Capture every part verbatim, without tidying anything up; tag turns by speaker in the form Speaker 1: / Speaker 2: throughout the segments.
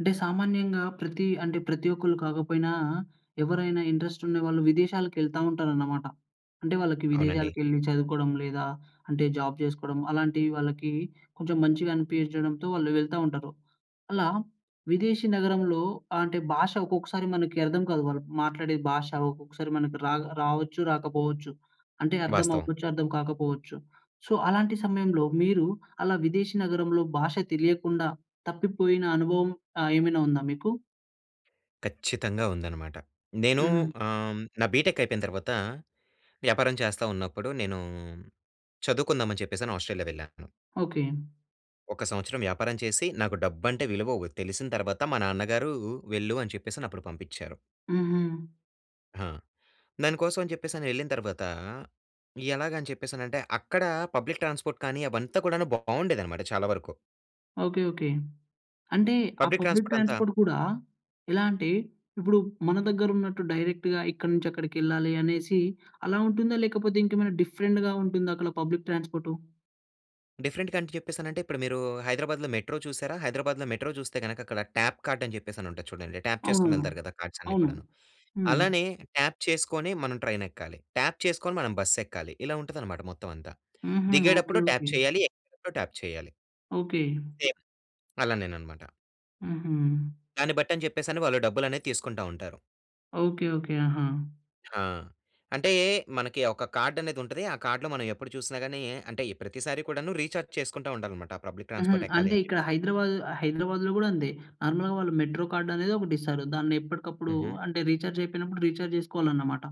Speaker 1: అంటే సామాన్యంగా ప్రతి అంటే ప్రతి ఒక్కళ్ళు కాకపోయినా ఎవరైనా ఇంట్రెస్ట్ ఉండేవాళ్ళు విదేశాలకెళ్తా ఉంటారన్నమాట. అంటే వాళ్ళకి
Speaker 2: అవునండి.
Speaker 1: విదేశాలకెళ్లి చదువుకోవడం, లేదా అంటే జాబ్ చేసుకోవడం అలాంటివి వాళ్ళకి కొంచెం మంచిగా అనిపించడంతో వాళ్ళు వెళ్తా ఉంటారు. అలా విదేశీ నగరంలో ఆహ్, అంటే భాష ఒకొక్కసారి మనకి అర్థం కాదు. వాళ్ళు మాట్లాడే భాష ఒకొక్కసారి మనకి రా రావచ్చు, రాకపోవచ్చు. అంటే అర్థం
Speaker 2: వాస్తవం.
Speaker 1: అవ్వచ్చు, అర్థం కాకపోవచ్చు. సో అలాంటి సమయంలో మీరు అలా విదేశీ నగరంలో భాష తెలియకుండా, తప్పిపోయిన అనుభవం ఆహ్, ఏమైనా ఉందా మీకు?
Speaker 2: ఖచ్చితంగా ఉందన్నమాట. నేను
Speaker 1: హ్మ్.
Speaker 2: ఆహ్, హ్మ్, నా బిటెక్ అయిపోయిన తర్వాత, వ్యాపారం చేస్తా ఉన్నప్పుడు నేను చదువుకుందాం అని చెప్పేసని ఆస్ట్రేలియా వెళ్ళాను.
Speaker 1: ఓకే.
Speaker 2: ఒక సంవత్సరం వ్యాపారం చేసి నాకు డబ్బంటే విలువ వో తెలిసిన తర్వాత, మా నాన్నగారు వెళ్ళు అని చెప్పేసని అప్పుడు పంపించారు.
Speaker 1: హుహు.
Speaker 2: ఆా! దానికోసం అని చెప్పేసని, వెళ్ళిన తర్వాత ఎలాగా అని చెప్పేసానంటే అక్కడ పబ్లిక్ ట్రాన్స్‌పోర్ట్ కానీ అవంతా కూడాను బాగుండేదన్నమాట చాలా వరకు.
Speaker 1: Okay, okay. అంటే ఆ
Speaker 2: పబ్లిక్
Speaker 1: పబ్లిక్
Speaker 2: ట్రాన్స్‌పోర్ట్ అంతా
Speaker 1: ట్రాన్స్‌పోర్ట్ కూడా ఎలా అంటే, ఇప్పుడు మన దగ్గరున్నట్టు డైరెక్ట్‌గా ఇక్కడి నుంచి అక్కడికెళ్ళాలి అనేసి అలా ఉంటుందా? లేకపోతే ఇంకేమైనా డిఫరెంట్‌గా ఉంటుందా అక్కడ పబ్లిక్ ట్రాన్స్‌పోర్టు?
Speaker 2: డిఫరెంట్ కంట్రి చెప్పేసానంటే, ఇప్పుడు మీరూ హైదరాబాద్‌లో మెట్రో చూసారా? హైదరాబాద్‌లో మెట్రో చూస్తే గనక, అక్కడ ట్యాప్ కార్టని చెప్పేసనుంటది చూడండి, ట్యాప్
Speaker 1: అవును.
Speaker 2: చేసుకొనెళ్తారు గదా! కార్డ్సన్నీ
Speaker 1: అవును.
Speaker 2: కూడాను.
Speaker 1: హ్మ్.
Speaker 2: అలానే ట్యాప్ చేసుకొని మనం ట్రైనెక్కాలి, ట్యాప్ చేసుకొని మనం బస్ ఎక్కాలి. ఇలా ఉంటుందనమాట మొత్తం అంతా.
Speaker 1: హుహు. ఓకే,
Speaker 2: దిగేటప్పుడు ట్యాప్
Speaker 1: ఓకే.
Speaker 2: చేయాలి, ఎక్కేటప్పుడు ట్యాప్ చేయాలి.
Speaker 1: ఓకే.
Speaker 2: సేమ్. అలానేననమాట.
Speaker 1: హుహు.
Speaker 2: దాన్ని బట్టని జెప్పేసని, వాళ్ళు డబ్బులనేది తీసుకుంటా ఉంటారు.
Speaker 1: Okay, okay. ఆహా!
Speaker 2: హా! అంటే మనకి ఒక కార్డనేది ఉంటది, ఆ కార్డ్‌లో మనం ఎప్పుడు చూసినా గానీ, అంటే ప్రతిసారి కూడాను రీచార్జ్ చేసుకుంటా ఉండాలనమాట. పబ్లిక్
Speaker 1: హుహు.
Speaker 2: ట్రాన్స్‌పోర్ట్ ఎక్కాలి
Speaker 1: అంటే
Speaker 2: అని
Speaker 1: ఇక్కడ
Speaker 2: చెప్పేసి.
Speaker 1: హైదరాబాద్ హైదరాబాదులో కూడా అంతే. నార్మల్‌గా వాళ్ళు మెట్రో కార్డనేదొకటిస్తారు. దాన్ని ఎప్పటికప్పుడు
Speaker 2: హుహు.
Speaker 1: అంటే, రీచార్జ్ అయిపోయినప్పుడు, రీచార్జ్ జేసుకోవాలన్నమాట.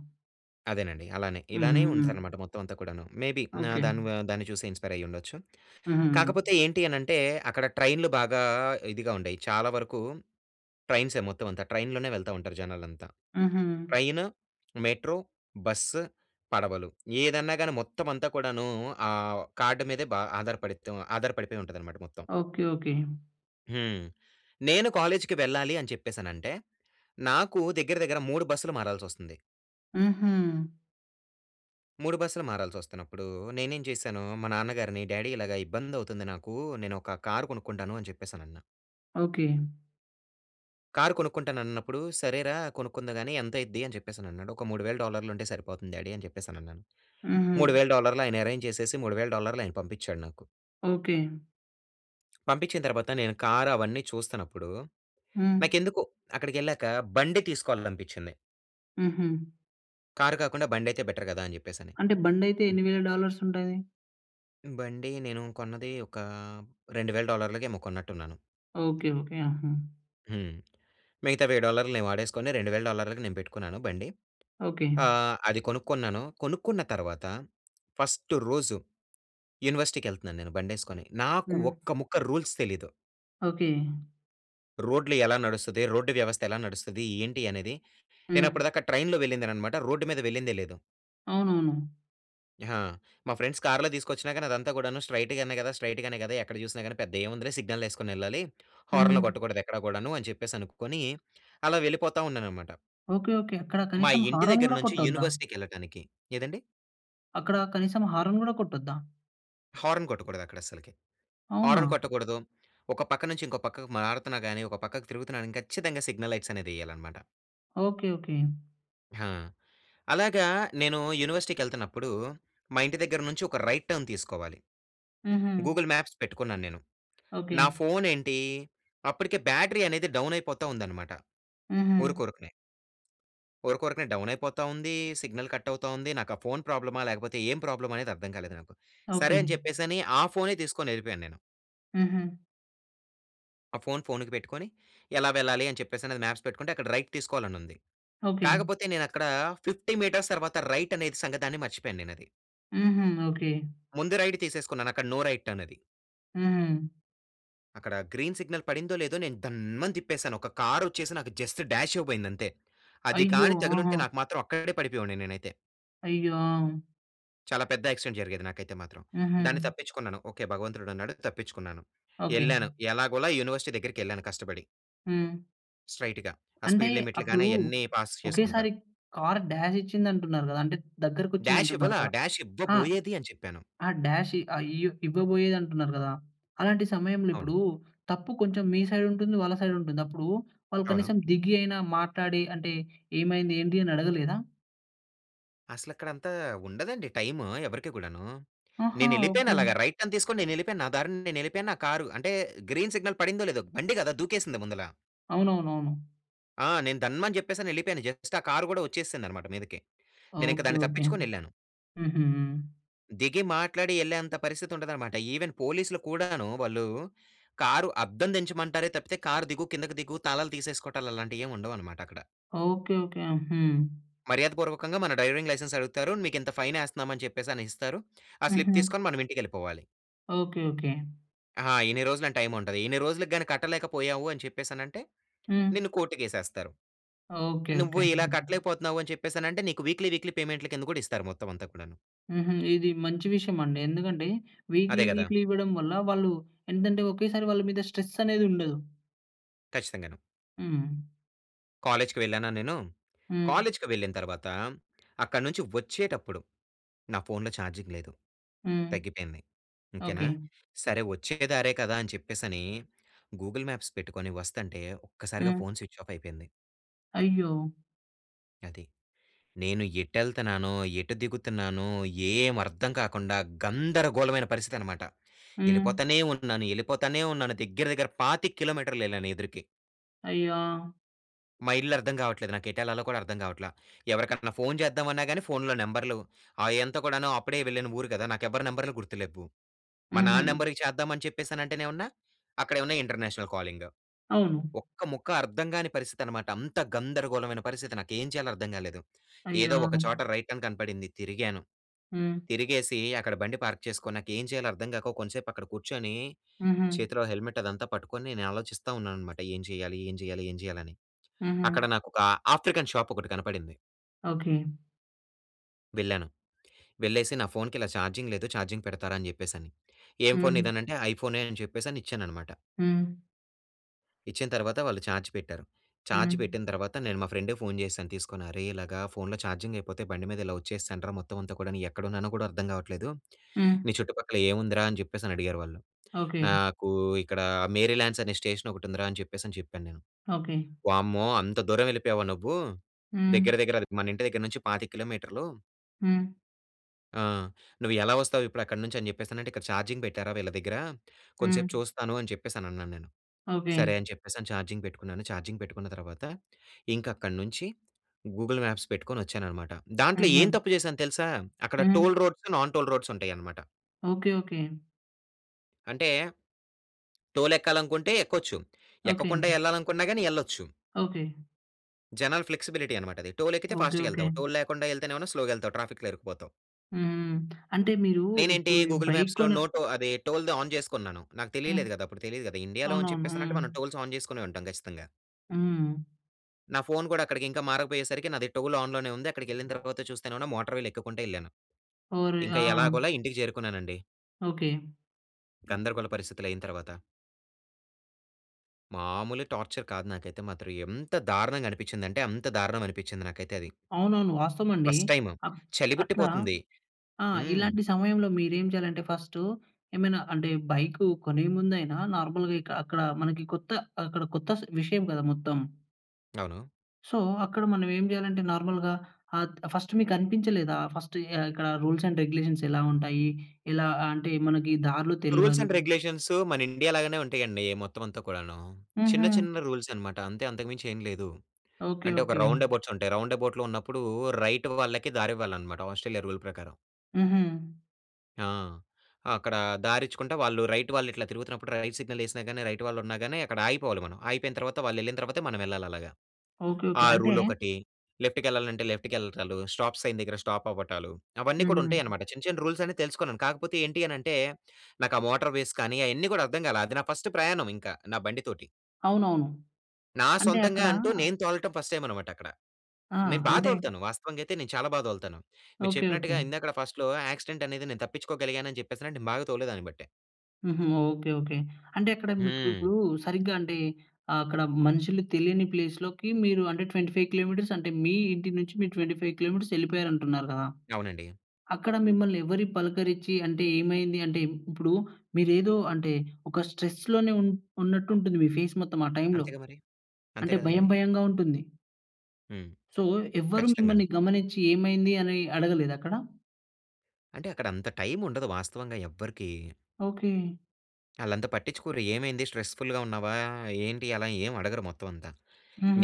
Speaker 2: అదేనండి, అలానే. ఇలానే
Speaker 1: హుహుహు.
Speaker 2: ఉందనమాట మొత్తం అంతా కూడాను. మేబీ నా
Speaker 1: ఓకే.
Speaker 2: దాని‌వా దాన్ని చూసి ఇన్స్‌పైర్ అయ్యిండొచ్చు.
Speaker 1: హుహు.
Speaker 2: కాకపోతే ఏంటి అనంటే, అక్కడ ట్రైన్‌లు బాగా ఇదిగా ఉండేయి, చాలా వరకు ట్రైన్సే మొత్తం అంతా, ట్రైన్‌‍లోనే వెళ్తా ఉంటారు జనాలంతా.
Speaker 1: హుహు.
Speaker 2: ట్రైను, మెట్రో, బస్సు, పడవలు ఏదన్నా గాని మొత్తం అంతా కూడాను, ఆ వొ కార్డ్ మీదే బా ఆధారపడి‌త్తం ఆధారపడిపోయింటదనమాట మొత్తం.
Speaker 1: Okay, okay.
Speaker 2: హ్మ్. నేను కాలేజ్‌‌‌కి వెళ్ళాలి అని చెప్పేసనంటే, నాకు దగ్గర దగ్గర మూడు బస్సులు మారాల్సొస్తుంది.
Speaker 1: హుహు.
Speaker 2: మూడు బస్సులు మారాల్సొస్తున్నప్పుడూ, నేనేం జేశాను. మా నాన్నగారిని డ్యాడీ ఇలాగ ఇబ్బంది అవుతుంది నాకు. నేను ఒక కారు కొనుక్కుంటాను అని చెప్పేసి అనన్నా.
Speaker 1: ఓకే.
Speaker 2: కారు కొనుక్కుంటాను అన్నప్పుడు, "సరేరా కొనుక్కుందువుగాని ఎంత అయిద్ది" అని చెప్పేసి అన్నాడు. ఒక మూడువేల డాలర్లు ఉంటే సరిపోతుంది డ్యాడీ అని చెప్పేసి అనన్నాను.
Speaker 1: హుహు.
Speaker 2: మూడువేల డాలర్లు ఆయన అరేంజ్ చేసేసి మూడువేల డాలర్లు ఆయన పంపిచ్చాడు నాకు.
Speaker 1: ఓకే.
Speaker 2: పంపిచ్చిన తర్వాత, నేను కారు అవన్నీ చూస్తున్నప్పుడు,
Speaker 1: హ్మ్.
Speaker 2: నాకెందుకో అక్కడికి వెళ్ళాక బండి తీసుకోవాలనిపిచ్చింది.
Speaker 1: హుహు.
Speaker 2: కారు కాకుండా, బండి అయితే బెటర్ గదా! అని జెప్పేసని.
Speaker 1: అంటే, బండి అయితే ఎన్నివేల డాలర్స్ ఉంటది?
Speaker 2: బండి నేను కొన్నది ఒకా రెండువేల డాలర్లకేమో కొన్నట్టున్నాను.
Speaker 1: Okay, okay. ఆహా!
Speaker 2: హ్మ్. మిగతా వెయ్యి డాలర్లు నేను వాడేసుకొని, రెండువేల డాలర్లకి నేను పెట్టుకున్నాను బండి.
Speaker 1: ఓకే.
Speaker 2: ఆహ్, అది కొనుక్కున్నాను. కొనుక్కున్న తర్వాత ఫస్ట్ రోజు యూనివర్సిటీకెళ్తున్నాను నేను బండేసుకొని. నాకు
Speaker 1: హ్మ్.
Speaker 2: ఒక్కముక్క రూల్స్ తెలీదు.
Speaker 1: ఓకే.
Speaker 2: రోడ్లు ఎలా నడుస్తది, రోడ్డు వ్యవస్థ ఎలా నడుస్తది, ఏంటి అనేది
Speaker 1: హ్మ్.
Speaker 2: నేనప్పటి దాకా ట్రైన్‌లో వెళ్ళిందేననమాట. రోడ్డు మీద వెళ్ళిందే లేదు.
Speaker 1: అవునవును.
Speaker 2: హా! మా ఫ్రెండ్స్ కార్‌లో తీసుకొచ్చినా గానీ అదంతా కూడాను స్ట్రయిట్ గానే కదా స్ట్రయిట్ గానే కదా! ఎక్కడ చూసినా గాని పెద్ద ఏముందిలే సిగ్నల్ ఏసుకొనెళ్ళాలి.
Speaker 1: హ్మ్.
Speaker 2: హార్న్‌లు కొట్టకూడదు ఎక్కడ గూడాను అని చెప్పేసి అనుకొని అలా వెళ్ళిపోతా ఉన్నాననమాట.
Speaker 1: Okay okay. అక్కడ
Speaker 2: మా
Speaker 1: కనీసం
Speaker 2: ఇంటి
Speaker 1: హారన్
Speaker 2: దగ్గర
Speaker 1: కూడా
Speaker 2: నుంచి
Speaker 1: కొట్టొద్దా?
Speaker 2: యూనివర్సిటీకెళ్ళటానికి ఏదండీ?
Speaker 1: అక్కడ కనీసం హారన్ గూడా కొట్టొద్దా?
Speaker 2: హారన్ కొట్టకూడదక్కడ అస్సలకి.
Speaker 1: అవునా?
Speaker 2: హారన్ కొట్టకూడదు, ఒక పక్క నుంచి ఇంకో పక్కకి మారుతున్నా గాని, ఒక పక్కకి తిరుగుతున్నా కానీ ఖచ్చితంగా సిగ్నల్ లైట్స్ అనేదేయాలనమాట.
Speaker 1: ఓకే. ఓకే.
Speaker 2: హా! అలాగా నేను యూనివర్సిటీకెళ్తున్నప్పుడు మా ఇంటి దగ్గర నుంచి ఒక రైట్ టర్న్ తీసుకోవాలి.
Speaker 1: హుహు.
Speaker 2: గూగుల్ మ్యాప్స్ పెట్టుకున్నాను నేను.
Speaker 1: ఓకే.
Speaker 2: నా ఫోనేంటి అప్పటికే బ్యాటరీ అనేది డౌన్ అయిపోతా ఉందన్నమాట.
Speaker 1: హుహు.
Speaker 2: ఉరుకురకనే... ఉరుకురకనే డౌన్ అయిపోతా ఉంది. సిగ్నల్ కట్ అవుతా ఉంది. నాకు ఆ ఫోన్ ప్రాబ్లమా లేకపోతే ఏం ప్రాబ్లమ్ అనేది అర్థం కాలేదు నాకు.
Speaker 1: ఓకే.
Speaker 2: సరే అని చెప్పేసని ఆ ఫోనే తీసుకొని వెళ్ళిపోయాను నేను...
Speaker 1: హుహు.
Speaker 2: ఆ ఫోన్ ఫోన్‌కి పెట్టుకొని ఎలా వెళ్ళాలి అని చెప్పేసి అది మాప్స్ పెట్టుకుంటే అక్కడ రైట్ తీసుకోవాలి అని ఉంది.
Speaker 1: ఓకే.
Speaker 2: కాకపోతే నేను అక్కడ ఫిఫ్టీ మీటర్స్ తర్వాత రైట్ అనేది సంగతాన్ని మర్చిపోయాను నేను అది.
Speaker 1: హుహు. ఓకే.
Speaker 2: ముందే రైట్ తీసేసుకున్నాను. అక్కడ నో రైట్ అన్నది.
Speaker 1: హుహు.
Speaker 2: అక్కడ గ్రీన్ సిగ్నల్ పడిందో, లేదో, నేను దన్మని తిప్పేసాను. ఒక కారు వచ్చేసి నాకు జస్ట్ డ్యాష్ ఇవ్వబోయింది అంతే. అది
Speaker 1: అయ్యో!
Speaker 2: గాని
Speaker 1: ఆహా!
Speaker 2: తగిలింటే, నాకు మాత్రం అక్కడే పడిపోయేవాడిని నేనైతే.
Speaker 1: అయ్యో! ఆ!
Speaker 2: చాలా పెద్ద యాక్సిడెంట్ జరిగేది నాకైతే మాత్రం. దాన్ని
Speaker 1: హుహు.
Speaker 2: తప్పించుకున్నాను. ఓకే భగవంతుడు ఉన్నాడు, తప్పించుకున్నాను.
Speaker 1: ఓకే.
Speaker 2: వెళ్ళాను ఎలాగోలా యూనివర్సిటీ దగ్గరికేళ్ళాను కష్టపడి.
Speaker 1: హ్మ్.
Speaker 2: స్ట్రెయిట్‌గా ఆ
Speaker 1: అంటే,
Speaker 2: స్పీడ్ లిమిట్‌లు గాని,
Speaker 1: అప్పుడు
Speaker 2: అయన్ని పాస్ చేసుకుంటా.
Speaker 1: ఒకేసారి కా‌ర్ డ్యాష్ ఇచ్చింది, అంటున్నారు కదా! అంటే దగ్గరికి వచ్చింది,
Speaker 2: డ్యాష్
Speaker 1: అంటున్నారు
Speaker 2: ఇవ్వలా.
Speaker 1: కదా!
Speaker 2: డ్యాష్
Speaker 1: ఆహ్,
Speaker 2: ఇవ్వబోయేది అని చెప్పాను.
Speaker 1: ఆ డ్యాష్ ఆ ఇయ్య ఇవ్వబోయేది అంటున్నారు కదా! అలాంటి సమయంలో
Speaker 2: అవును.
Speaker 1: ఇప్పుడు, తప్పు కొంచెం మీ సైడ్ ఉంటుంది, వాళ్ళ సైడ్ ఉంటుంది. అప్పుడు వాళ్ళు
Speaker 2: అవును.
Speaker 1: కనీసం దిగి అయినా, మాట్లాడి అంటే, ఏమైంది, ఏంటి అని అడగలేదా?
Speaker 2: అసలు అక్కడ అంతా ఉండదండి, టైము ఎవరికీ కూడాను.
Speaker 1: ఆహా!
Speaker 2: నేను వెళ్ళిపోయాను
Speaker 1: ఓకే.
Speaker 2: అలాగా రైట్ టర్న్ తీసుకొని, నేను వెళ్ళిపోయాను. నా దారిన నేను వెళ్ళిపోయాను. నా కారు అంటే గ్రీన్ సిగ్నల్ పడిందో, లేదో, బండి కదా! దూకేసింది ముందలా.
Speaker 1: అవునవునవును.
Speaker 2: ఆ! నేను ధన్మని చెప్పేసి అని వెళ్ళిపోయాను. జస్ట్ ఆ కారు కూడా వచ్చేసింది అన్నమాట మీదకి. నేను ఇంక
Speaker 1: ఓకే.
Speaker 2: దాన్ని
Speaker 1: ఓకే.
Speaker 2: తప్పించుకొని వెళ్ళాను.
Speaker 1: హుహు. హ్మ్.
Speaker 2: దిగి మాట్లాడి వెళ్ళే అంతా పరిస్థితి ఉండదన్నమాట. ఈవెన్ పోలీస్‌లు కూడాను, వాళ్ళు కారు అద్దం దీంచమంటారే తప్పితే, "కారు దిగు. కిందకు దిగు, తాళాలు తీసేసుకోవటాలు" అలాంటివేమి ఉండవన్నమాటక్కడ...
Speaker 1: ఓకే. ఓకే. హ్మ్.
Speaker 2: మర్యాద పూర్వకంగా మన డ్రైవింగ్ లైసెన్స్ అడుగుతారు. "మీకింత ఫైన్ వేస్తున్నాం" అని చెప్పేసని ఇస్తారు. ఆ స్లిప్
Speaker 1: హుహు.
Speaker 2: తీసుకొని మన ఇంటికెళ్ళిపోవాలి.
Speaker 1: Okay, okay.
Speaker 2: ఆా! ఇన్ని రోజులని టైమ్ ఉంటది. ఇన్ని రోజులకి గాని కట్టలేకపోయావు అని చెప్పేసనంటే,
Speaker 1: హ్మ్.
Speaker 2: నిన్ను కోర్టుకేసేస్తారు.
Speaker 1: ఓకే,
Speaker 2: నువ్వు
Speaker 1: ఓకే.
Speaker 2: ఇలా
Speaker 1: హ్మ్.
Speaker 2: కట్టలేకపోతున్నావు అని చెప్పేసనంటే నీకు వీక్లీ వీక్లీ పేమెంట్‌ల కింద కూడా ఇస్తారు మొత్తం అంతా కూడాను.
Speaker 1: హుహు. ఇది మంచి విషయం అండి. ఎందుకంటే, వీక్లీ
Speaker 2: అదే గదా!
Speaker 1: వీక్లీ ఇవ్వడం వల్ల వాళ్ళు ఏంటంటే, ఒకేసారి వాళ్ళ మీద స్ట్రెస్ అనేది ఉండదు.
Speaker 2: ఖచ్చితంగానూ.
Speaker 1: హ్మ్.
Speaker 2: కాలేజ్‌కి వెళ్ళానా నేను.
Speaker 1: హ్మ్.
Speaker 2: కాలేజ్‌కి వెళ్ళిన తర్వాత అక్కడి నుంచి వచ్చేటప్పుడు, నా ఫోన్‌‌లో చార్జింగ్ లేదు.
Speaker 1: హ్మ్.
Speaker 2: తగ్గిపోయింది. ఇంకేనా.
Speaker 1: ఓకే.
Speaker 2: సరే వచ్చే దారే కదా అని చెప్పేసని గూగుల్ మాప్స్ పెట్టుకొని వస్తాంటే ఒక్కసారిగా
Speaker 1: హ్మ్.
Speaker 2: ఫోన్ స్విచ్ఆఫ్ అయిపోయింది.
Speaker 1: అయ్యో!
Speaker 2: అది. నేను ఎటెళ్తున్నానో, ఎటు దిగుతున్నానో ఏం అర్థం కాకుండా గందరగోళమైన పరిస్థితన్నమాట.
Speaker 1: హ్మ్.
Speaker 2: వెళ్ళిపోతానే ఉన్నాను, వెళ్ళిపోతానే ఉన్నాను. దగ్గర దగ్గర పాతిక కిలోమీటర్లెళ్ళాను ఎదురికి.
Speaker 1: అయ్యో!
Speaker 2: మా ఇల్లు అర్థం కావట్లేదు. నాకు ఎటుఏళ్లలో కూడా అర్థం కావట్ల. ఎవరికన్నా ఫోన్ చేద్దామన్నా గాని, ఫోన్‌లో నంబర్‌లు ఆహ్, ఎంత కూడాను అప్పుడే వెళ్ళిన ఊరు గదా! నాకు ఎవ్వరి నంబర్‌లు గుర్తు లేవు. మా నాన్న
Speaker 1: హుహు.
Speaker 2: నంబర్‌కి చేద్దాం అని చెప్పేసానంటేనేవన్నా అక్కడ ఏవన్నా ఇంటర్నేషనల్ కాలింగ్.
Speaker 1: అవును.
Speaker 2: ఒక్క ముక్క అర్థం గాని పరిస్థితనమాట. అంత గందరగోళమైన పరిస్థితి. నాకేం చేయాలో అర్థం గాలేదు. ఏదో
Speaker 1: అయ్యో!
Speaker 2: ఒక చోట రైట్ అని కనపడింది, తిరిగాను.
Speaker 1: హ్మ్.
Speaker 2: తిరిగేసి అక్కడ బండి పార్క్ చేసుకొని, నాకు ఏం చేయాలో అర్థం గాక, కొంసేపు అక్కడ కూర్చొని,
Speaker 1: హుహు.
Speaker 2: చేతిలో హెల్మెట్ అదంతా పట్టుకొని, నేను ఆలోచిస్తా ఉన్నానన్నమాట. ఏం చేయాలి, ఏం చేయాలి, ఏం చేయాలి? అని. అక్కడ
Speaker 1: హుహు.
Speaker 2: నాకు ఒక ఆఫ్రికన్ షాప్ ఒకటి కనపడింది...
Speaker 1: ఓకే.
Speaker 2: వెళ్ళాను. వెళ్ళేసి నా ఫోన్‌కి ఇలా చార్జింగ్ లేదు. చార్జింగ్ పెడతారా? అని చెప్పేసి అని, "ఏం ఫోన్
Speaker 1: హ్మ్.
Speaker 2: నీదనంటే," ఐఫోనే అని చెప్పేసని ఇచ్చానన్నమాట...
Speaker 1: హ్మ్.
Speaker 2: ఇచ్చిన తర్వాత, వాళ్ళు చార్జ్ పెట్టారు. ఛార్జ్
Speaker 1: హ్మ్.
Speaker 2: పెట్టిన తర్వాత, నేను మా ఫ్రెండ్‌కు ఫోన్ చేశాను తీసుకొని. అరే ఇలాగా ఫోన్‌లో ఛార్జింగ్ అయిపోతే, బండి మీద ఇలా వచ్చేసానురా. మొత్తం అంతా కూడా నేను ఎక్కడున్నానో కూడా అర్థం కావట్లేదు,
Speaker 1: హ్మ్.
Speaker 2: "నీ చుట్టుపక్కల ఏముందిరా"? అని చెప్పేసి అని అడిగారు వాళ్ళు.
Speaker 1: ఓకే.
Speaker 2: నాకు ఇక్కడ మేరీల్యాండ్స్ అనే స్టేషన్ ఒకటి ఉందిరా, అని చెప్పేసి అని చెప్పాను నేను,
Speaker 1: ఓకే.
Speaker 2: "వామ్మో అంత దూరం వెళ్ళిపోయావా, నువ్వు
Speaker 1: హ్మ్.
Speaker 2: దగ్గర, దగ్గర అది మన ఇంటి దగ్గర నుంచి పాతిక కిలోమీటర్లు"
Speaker 1: హ్మ్.
Speaker 2: ఆ! నువ్వు ఎలా వస్తావు ఇప్పుడు అక్కడి నుంచి అని చెప్పేస్తానంటే, "ఇక్కడ చార్జింగ్ పెట్టారా వీళ్ళ దగ్గర కొంసేపు
Speaker 1: హ్మ్.
Speaker 2: చూస్తాను" అని చెప్పేసి అని అన్నాను నేను.
Speaker 1: ఓకె.
Speaker 2: సరే! అని చెప్పేసి ఛార్జింగ్ పెట్టుకున్నాను. ఛార్జింగ్ పెట్టుకున్న తర్వాత, ఇంక అక్కడి నుంచి గూగుల్ మ్యాప్స్ పెట్టుకొని వచ్చాననమాట. దాంట్లో ఏం
Speaker 1: హుహు.
Speaker 2: తప్పు చేశాను తెలుసా! అక్కడ టోల్
Speaker 1: హ్మ్.
Speaker 2: రోడ్స్, నాన్ టోల్ రోడ్స్ ఉంటాయన్నమాట.
Speaker 1: Okay, okay.
Speaker 2: అంటే టోల్ ఎక్కాలనుకుంటే ఎక్కొచ్చు.
Speaker 1: ఓకె.
Speaker 2: ఎక్కకుండా వెళ్ళాలనుకున్నా గాని ఎళ్ళొచ్చు...
Speaker 1: ఓకె.
Speaker 2: జనాల ఫ్లెక్సిబిలిటీ అన్నమాట అది. టోల్ ఎక్కితే
Speaker 1: ఓకె,
Speaker 2: ఫాస్ట్‌గా
Speaker 1: ఓకె.
Speaker 2: వెళ్తావు. టోల్ లేకుండా వెళ్తేనేమైనా స్లోగా వెళ్తావు ట్రాఫిక్‌లో ఇరుక్కుపోతావు.
Speaker 1: హ్మ్. అంటే మీరు
Speaker 2: నేనేంటి
Speaker 1: ఇప్పుడు
Speaker 2: గూగుల్
Speaker 1: బైక్
Speaker 2: మ్యాప్స్‌లో
Speaker 1: కొన
Speaker 2: నో టో అది టోల్‌ది ఆన్ చేసుకున్నాను. నాకు
Speaker 1: హ్మ్.
Speaker 2: తెలియలేదు కదా! అప్పుడు తెలీదు కదా ఇండియాలో అని
Speaker 1: అవునవును.
Speaker 2: చెప్పేసానంటే,
Speaker 1: హ్మ్.
Speaker 2: మనం టోల్స్ ఆన్ చేసుకొనే ఉంటాం ఖచ్చితంగా.
Speaker 1: హ్మ్.
Speaker 2: నా ఫోన్ కూడా అక్కడికి ఇంకా మారకపోయేసరికి నాది టోల్ ఆన్ లోనే ఉంది అక్కడికి వెళ్ళిన తర్వాత చూస్తేనే‌మో నా మోటర్ వీల్ ఎక్కుకుంటూ వెళ్ళాను.
Speaker 1: ఓరి!
Speaker 2: ఇంకా
Speaker 1: ఆ!
Speaker 2: ఎలాగోలా ఇంటికి చేరుకున్నానండి...
Speaker 1: ఓకె.
Speaker 2: గందరగోళ పరిస్థితులు అయిన తర్వాత. మామూలు టార్చర్ కాదు నాకైతే మాత్రం ఎంత దారుణంగా అనిపించిందంటే, అంత దారుణం అనిపించింది నాకైతే అది.
Speaker 1: అవునవును వాస్తవం అండి.
Speaker 2: ఫస్ట్ టైమ్
Speaker 1: ఆహ్, అట్లా
Speaker 2: చలిబిట్టిపోతుంది.
Speaker 1: ఆ!
Speaker 2: హ్మ్.
Speaker 1: ఇలాంటి సమయంలో మీరు ఏమి చేయాలంటే ఫస్ట్ ఏమైనా అంటే బైక్ కొనే ముందు అయినా నార్మల్‌గా ఇక అక్కడ మనకి కొత్త ఆహ్, అక్కడ కొత్త స్ విషయం కదా! మొత్తం.
Speaker 2: అవును.
Speaker 1: సో, అక్కడ మనం ఏం చేయాలంటే, నార్మల్‌గా ఆహ్, ఫస్ట్ మీకనిపించలేదా? ఫస్ట్ ఈ ఆ ఇక్కడ రూల్స్ అండ్ రెగ్యులేషన్స్ ఎలా ఉంటాయి? ఎలా ఆహ్, అంటే, మనకి దారులు
Speaker 2: రూల్స్
Speaker 1: తెలవదు.
Speaker 2: అండ్ రెగ్యులేషన్స్ మన ఇండియా లాగానే ఉంటాయండి. మొత్తం అంతా కూడాను. చిన్న,
Speaker 1: హుహు.
Speaker 2: చిన్న రూల్స్ అన్నమాట అంతే, అంతకు మించి ఏమి లేదు.
Speaker 1: ఓకే,
Speaker 2: అంటే ఒక
Speaker 1: ఓకే.
Speaker 2: రౌండ్‌ఎబౌట్స్ ఉంటాయి. రౌండ్‌ఎబౌట్‌లో ఉన్నప్పుడు రైట్ వాళ్ళకి దారి ఇవ్వాలి అన్నమాట. ఆస్ట్రేలియా రూల్ ప్రకారం.
Speaker 1: హుహు.
Speaker 2: ఆ! అక్కడ దారి ఇచ్చుకుంట వాళ్ళు రైట్ వాళ్ళు ఇట్లా తిరుగుతున్నప్పుడు, రైట్ సిగ్నల్ వేసినా గాని, రైట్ వాళ్ళు ఉన్నాగాని, అక్కడ ఆగిపోవాలి మనం. ఆగిపోయిన తర్వాత వాళ్ళు వెళ్ళిన తర్వాతే, మనం వెళ్ళాలి అలాగా.
Speaker 1: ఓకే,
Speaker 2: ఆ
Speaker 1: ఓకే. అంటే
Speaker 2: రూల్ ఒకటి. లెఫ్ట్‌కి వెళ్ళాలంటే, లెఫ్ట్‌కి వెళ్ళటాలు. స్టాప్ సైన్ దగ్గర స్టాప్ అవ్వటాలు. అవన్నీ కూడా
Speaker 1: హుహు.
Speaker 2: ఉంటాయన్నమాట. చిన్న, చిన్న రూల్స్ అన్ని తెలుసుకున్నాను. కాకపోతే ఏంటి అని అంటే, నాకు ఆ మోటార్‌వేస్ కానీ, అయన్నీ కూడా అర్థం కాలే. అది నా ఫస్ట్ ప్రయాణం ఇంకా, నా బండి తోటి.
Speaker 1: అవునవును.
Speaker 2: నా
Speaker 1: అంటే
Speaker 2: సొంతంగా
Speaker 1: అక్కడా
Speaker 2: అంటూ, నేను తోలటం ఫస్ట్ టైమ్ అన్నమాట అక్కడ.
Speaker 1: ఆ!
Speaker 2: నేను బాగా
Speaker 1: అంటే
Speaker 2: తోలుతాను వాస్తవంగా అయితే, నేను చాలా బాగా తోలుతాను. మీకు
Speaker 1: ఓకే. ఓకే.
Speaker 2: చెప్పినట్టుగా, ఇందాకడ ఫస్ట్‌లో యాక్సిడెంట్ అనేది నేను తప్పించుకోగలిగాను అని చెప్పేసి అంటే, నేను బాగా తోలేదాన్ని బట్టే.
Speaker 1: హుహు. Okay, okay. అంటే, అక్కడ మీకు ఇప్పు‌డు
Speaker 2: హ్మ్.
Speaker 1: సరిగ్గా అంటే ఆహ్, అక్కడ మనుషులు తెలియని ప్లేస్‌ లోకి మీరు అంటే ట్వెంటీ ఫైవ్ కిలోమీట‌ర్స్ అంటే, మీ ఇంటి నుంచి మీరు ట్వెంటీ ఫైవ్ కిలోమీట‌ర్స్ వెళ్ళిపోయారు అంటున్నారు కదా!
Speaker 2: అవునండి.
Speaker 1: అక్కడ మిమ్మల్ని ఎవరి పలకరించి అంటే ఏమైంది? అంటే ఇప్పుడు మీరు ఏదో అంటే, ఒక స్ట్రెస్‌ లోనే ఉన్ ఉన్నట్టు ఉంటుంది, మీ ఫేస్ మొత్తం ఆ టైమ్‌లో.
Speaker 2: అంతేగా మరి! అంతే
Speaker 1: అంటే
Speaker 2: కదా
Speaker 1: భయం
Speaker 2: మరి!
Speaker 1: భయంగా ఉంటుంది.
Speaker 2: హ్మ్.
Speaker 1: సో, ఎవ్వరు
Speaker 2: ఖచ్చితంగా
Speaker 1: మిమ్మని
Speaker 2: అండి.
Speaker 1: గమనించి ఏమైంది, అని అడగలేదా అక్కడ?
Speaker 2: అంటే, అక్కడ అంత టైముండదు. వాస్తవంగా ఎవ్వరికీ.
Speaker 1: ఓకే.
Speaker 2: ఆళ్ళంత పట్టించుకోరు. ఏమైంది? స్ట్రెస్‌ఫుల్‌గా ఉన్నావా? ఏంటి? అలా ఏమి అడగరు, మొత్తం అంతా.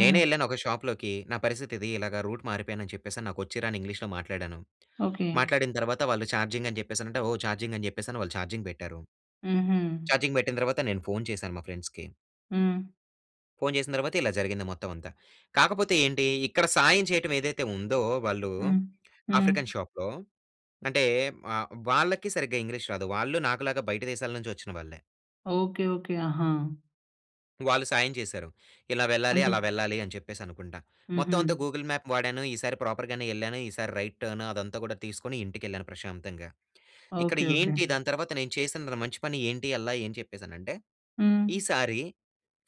Speaker 2: నేనే ఎల్లాను ఒక షాప్‌లోకి. నా పరిస్థితి ఇది ఇలాగ రూట్ మారిపోయాను, అని చెప్పేసి అని నాకు వచ్చి రాని ఇంగ్లీష్‌లో మాట్లాడాను.
Speaker 1: ఓకే.
Speaker 2: మాట్లాడిన తర్వాత, వాళ్ళు చార్జింగ్ అని చెప్పేసి అంటే, ఓ చార్జింగ్ అని చెప్పేసి వాళ్ళు చార్జింగ్ పెట్టారు.
Speaker 1: హుహు.
Speaker 2: ఛార్జింగ్ పెట్టిన తర్వాత, నేను ఫోన్ చేశాను మా ఫ్రెండ్స్‌కి...
Speaker 1: హ్మ్.
Speaker 2: ఫోన్ చేసిన తర్వాత, ఇలా జరిగింది మొత్తం అంతా. కాకపోతే ఏంటి, ఇక్కడ సాయం చేయటం ఏదైతే ఉందో, వాళ్ళు
Speaker 1: హ్మ్. హ్మ్.
Speaker 2: ఆఫ్రికన్ షాప్‌లో అంటే, వ వాళ్ళకి సరిగ్గా ఇంగ్లీష్ రాదు. వాళ్ళు నాకు‌లాగా బయట దేశాల నుంచి వచ్చిన వాళ్ళే.
Speaker 1: ఓకే. ఓకే. ఆహా!
Speaker 2: వాళ్ళు సాయం చేశారు. ఇలా వెళ్ళాలి.
Speaker 1: అంటే
Speaker 2: అలా వెళ్ళాలి అని చెప్పేసి అనుకుంట. మొత్తం
Speaker 1: హుహు.
Speaker 2: అంతా గూగుల్ మ్యాప్ వాడాను. ఈసారి ప్రాపర్‌ గానే ఎల్లాను. ఈసారి రైట్ టర్న్ అదంతా కూడా తీసుకొని, ఇంటికెళ్ళాను ప్రశాంతంగా. ఇక్కడ
Speaker 1: ఓకే. ఓకే.
Speaker 2: ఏంటి, దాని తర్వాత నేను చేసిన మంచి పని ఏంటి అల్లా అని చెప్పేసానంటే,
Speaker 1: హ్మ్.
Speaker 2: ఈసారి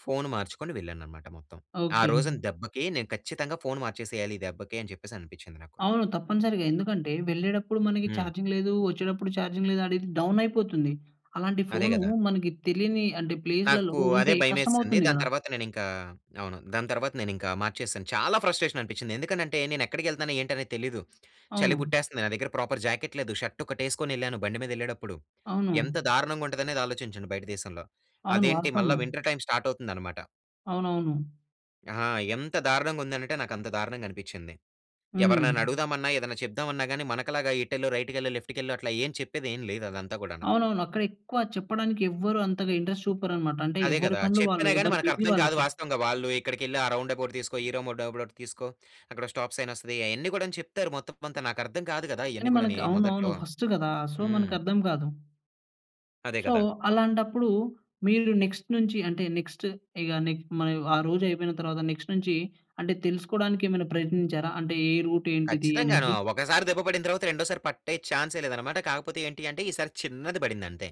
Speaker 2: ఫోన్ మార్చుకొని వెళ్ళాను అన్నమాట మొత్తం. ఆ
Speaker 1: ఓకే.
Speaker 2: రోజున దెబ్బకి, నేను ఖచ్చితంగా ఫోన్ మార్చేసేయాలి, ఈ దెబ్బకి అని చెప్పేసి అనిపించింది నాకు.
Speaker 1: అవును. తప్పనిసరిగా. ఎందుకంటే, వెళ్ళేటప్పుడు మనకి
Speaker 2: హ్మ్.
Speaker 1: చార్జింగ్ లేదు. వచ్చేటప్పుడు చార్జింగ్ లేదు, అనేది డౌన్ అయిపోతుంది. అలాంటి
Speaker 2: అదే
Speaker 1: ఫోను
Speaker 2: కదా!
Speaker 1: మనకి తెలియని అంటే, ప్లేస్‌లలో
Speaker 2: నాకు అదే
Speaker 1: ఉంటే కష్టం
Speaker 2: భయమేసింది.
Speaker 1: అవుతుంది
Speaker 2: దాని
Speaker 1: కదా!
Speaker 2: తర్వాత నేను ఇంకా, అవును, దాని తర్వాత నేను ఇంకా మార్చేశాను. చాలా ఫ్రస్ట్రేషన్ అనిపించింది. ఎందుకనంటే నేను ఎక్కడికెళ్తనానో, ఏంటని తెలీదు. చలి
Speaker 1: అవును.
Speaker 2: పుట్టేస్తుంది. నా దగ్గర ప్రాపర్ జాకెట్ లేదు. ష‌ర్టు ఒకటేసుకొనెళ్ళాను, బండి మీదెళ్ళేటప్పుడు. ఎంత
Speaker 1: అవును.
Speaker 2: దారుణంగా ఉంటుందనేది, ఆలోచించండి బయట దేశంలో.
Speaker 1: అవును.
Speaker 2: అదేంటి మళ్ళ
Speaker 1: వాస్తవము.
Speaker 2: వింటర్ టైమ్ స్టార్ట్ అవుతుందనమాట.
Speaker 1: అవునవును.
Speaker 2: ఆహా! ఎంత దారుణంగా ఉందనంటే నాకు అంత దారుణంగా అనిపించింది.
Speaker 1: హ్మ్.
Speaker 2: ఎవరినైనా అడుగుదామన్నా, ఏదన్నా చెప్దామన్నా గాని మనకు లాగా ఇటెళ్లు, రైట్‌కెళ్లు, లెఫ్ట్‌కెళ్లు అట్లా ఏం చెప్పేది ఏమి లేదు అదంతా కూడాను.
Speaker 1: అవునవును. అక్కడ ఎక్కువ చెప్పడానికి ఎవ్వరు అంతగా ఇంట్రస్ట్ చూపరన్నమాట. అంటే,
Speaker 2: అదే
Speaker 1: ఎవరి
Speaker 2: కదా!
Speaker 1: పనులు వాళ్ళు,
Speaker 2: చెప్పినా గాని
Speaker 1: ఎవరు
Speaker 2: మనకు
Speaker 1: బిజీ
Speaker 2: అర్థం కాదు
Speaker 1: వాళ్ళకి.
Speaker 2: వాస్తవంగా. వాళ్ళు ఇక్కడికెళ్లి ఆ రౌండ్అబౌట్ తీసుకో, ఈ రౌండ్అబౌట్ తీసుకో, అక్కడో స్టాప్ సైనొస్తది. అయన్నీ కూడా చెప్తారు. మొత్తం కొంతా నాకు అర్థం కాదు కదా! ఇయన్నీ
Speaker 1: కానీ,
Speaker 2: కూడానీ
Speaker 1: మనకు అవునవును
Speaker 2: మొదట్లో.
Speaker 1: ఫస్టు కదా! సో,
Speaker 2: హ్మ్.
Speaker 1: మనకి అర్థం కాదు.
Speaker 2: అదే
Speaker 1: సో,
Speaker 2: కదా!
Speaker 1: అలాంటప్పుడు మీరు నెక్స్ట్ నుంచి అంటే, నెక్స్ట్ ఇక నీకు మరి ఆ రోజు అయిపోయిన తర్వాత, నెక్స్ట్ నుంచి అంటే, తెలుసుకోవడానికి ఏమైనా ప్రయత్నించారా? అంటే, ఏ రూట్ ఏంటిది
Speaker 2: ఖచ్చితంగాను.
Speaker 1: అనేసి.
Speaker 2: ఒకసారి దెబ్బ పడిన తర్వాత, రెండోసారి పట్టే చాన్సే లేదన్నమాట. కాకపోతే, ఏంటి అంటే ఈసారి చిన్నది పడింది అంతే.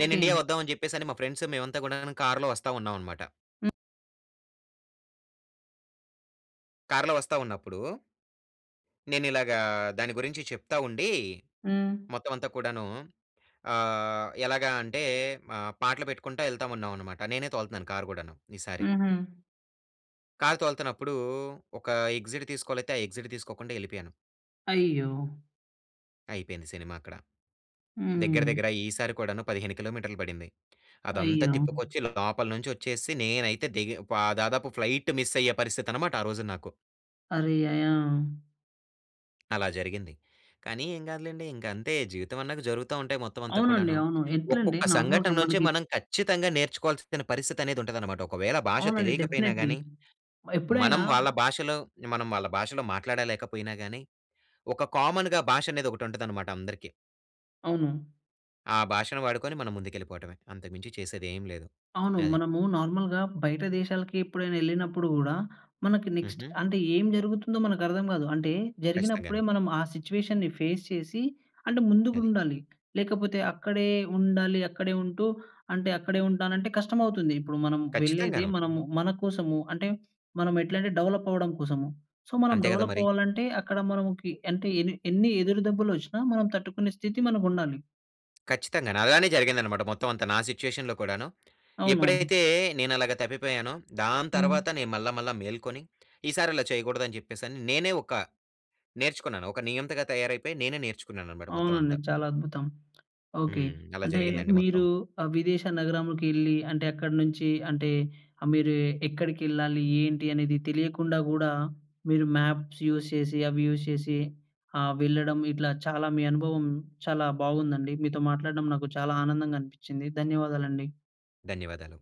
Speaker 2: నేను ఇండియా వద్దాం అని చెప్పేసి, మా ఫ్రెండ్స్ మేమంతా కూడాను కార్‌లో వస్తా ఉన్నాం అన్నమాట...
Speaker 1: హ్మ్.
Speaker 2: కార్‌లో వస్తా ఉన్నప్పుడు... నేను ఇలాగా దాని గురించి చెప్తా ఉండి,
Speaker 1: హ్మ్.
Speaker 2: మొత్తం అంతా కూడాను ఆహ్, ఎలాగా అంటే ఆహ్, పాటలు పెట్టుకుంటా ఎళ్తామున్నాం అన్నమాట. నేనే తోలుతున్నాను కార్ కూడాను ఈసారి.
Speaker 1: హుహు.
Speaker 2: కార్ తోల్తన్నప్పుడు ఒక ఎగ్జిట్ తీసుకోవాలైతే, ఆ ఎగ్జిట్ తీసుకోకుండా వెళ్ళిపోయాను.
Speaker 1: అయ్యో!
Speaker 2: అయిపోయింది సినిమా అక్కడ. దగ్గర
Speaker 1: హ్మ్.
Speaker 2: దగ్గర ఈసారి కూడాను పదిహేను కిలోమీటర్‌లు పడింది. అదంతా
Speaker 1: అయ్యో!
Speaker 2: తిప్పుకొచ్చి ఇలా లోపల నుంచి వచ్చేసి నేనైతే దిగ ప దాదాపు ఫ్లైట్ మిస్ అయ్యే పరిస్థితి అన్నమాట ఆ రోజు నాకు.
Speaker 1: అరే! యాహ్! యాహ్!
Speaker 2: అలా జరిగింది. కానీ ఏం కాదులెండి. ఇంక అంతే జీవితమన్నా జరుగుతా ఉంటాయి మొత్తం అంతా
Speaker 1: అవునండి,
Speaker 2: కూడాను.
Speaker 1: అవును. ఎట్లండి
Speaker 2: ఒక్కొక్క సంఘటన
Speaker 1: నార్మల్‌గా
Speaker 2: నుంచే
Speaker 1: మనకి
Speaker 2: మనం ఖచ్చితంగా నేర్చుకోవాల్సిన పరిస్థితి అనేది ఉంటదనమాట. ఒకవేళ భాష
Speaker 1: అవునండి
Speaker 2: తెలియకపోయినా
Speaker 1: డెఫినెట్లీ.
Speaker 2: గానీ,
Speaker 1: ఎప్పుడైనా
Speaker 2: మనం వాళ్ళ భాషలో, మనం వాళ్ళ భాషలో మాట్లాడలేకపోయినా గానీ, ఒక కామన్‌గా భాష అనేది ఒకటి ఉంటదనమాట అందరికీ.
Speaker 1: అవును.
Speaker 2: ఆ భాషను వాడుకొని మనం ముందుకెళ్ళిపోవడమే, అంతకు మించి చేసేది ఏమి లేదు.
Speaker 1: అవును.
Speaker 2: అది.
Speaker 1: మనము నార్మల్‌గా బయట దేశాలకి ఎప్పుడైనా ఎళ్ళినప్పుడు కూడా, మనకి నెక్స్ట్
Speaker 2: హుహు.
Speaker 1: అంటే ఏం జరుగుతుందో మనకు అర్థం కాదు. అంటే జరిగినప్పుడే
Speaker 2: ఖచ్చితంగాను.
Speaker 1: మనం ఆ సిట్యుయేషన్‌‌ని ఫేస్ చేసి, అంటే ముందుకు
Speaker 2: అది.
Speaker 1: ఉండాలి. లేకపోతే అక్కడే ఉండాలి. అక్కడే ఉంటూ, అంటే అక్కడే ఉంటానంటే కష్టం అవుతుంది. ఇప్పుడు మనం వెళ్ళేది
Speaker 2: ఖచ్చితంగాను.
Speaker 1: మనము మనకోసము. అంటే, మనం ఎట్లంటే డెవలప్ అవ్వడం కోసం. సో, మనం
Speaker 2: అంతే కదా
Speaker 1: డెవలప్
Speaker 2: మరి.
Speaker 1: అవ్వాలంటే, అక్కడ మనకి అంటే ఎన్ని ఎన్ని ఎదురు దెబ్బలొచ్చినా మనం తట్టుకునే స్థితి మనకుండాలి.
Speaker 2: ఖచ్చితంగాను. అలానే జరిగింది అన్నమాట, మొత్తం అంతా, నా సిట్యుయేషన్‌లో కూడాను.
Speaker 1: అవునవును.
Speaker 2: ఎప్పుడైతే నేను అలాగ తప్పిపోయానో, దాని
Speaker 1: హ్మ్.
Speaker 2: తర్వాత నేను మళ్ళా మళ్ళా మేల్కొని. ఈసారి ఇలా చేయకూడదు అని చెప్పేసి నేనే ఒక నేర్చుకున్నాను. ఒక నియంతగా తయారైపోయి, నేనే నేర్చుకున్నాను అన్నమాట, మొత్తం
Speaker 1: అవునండి,
Speaker 2: అంతా.
Speaker 1: చాలా అద్భుతం. ఓకే.
Speaker 2: హ్మ్. అలా
Speaker 1: అంటే
Speaker 2: జరిగిందండి మొత్తం.
Speaker 1: మీరు ఆ విదేశ నగరంకు ఎళ్లి, అంటే అక్కడి నుంచి అంటే మీరు ఎక్కడికి ఎళ్ళాలి, ఏంటి అనేది తెలియకుండా కూడ, మీరు మ్యాప్స్ యూజ్ చేసి అవి యూజ్ చేసి, ఆ! వెళ్ళడం ఇట్లా చాలా మీ అనుభవం చాలా బాగుందండి. మీతో మాట్లాడడం నాకు చాలా ఆనందంగా అనిపించింది. ధన్యవాదాలండి.
Speaker 2: ధన్యవాదాలు.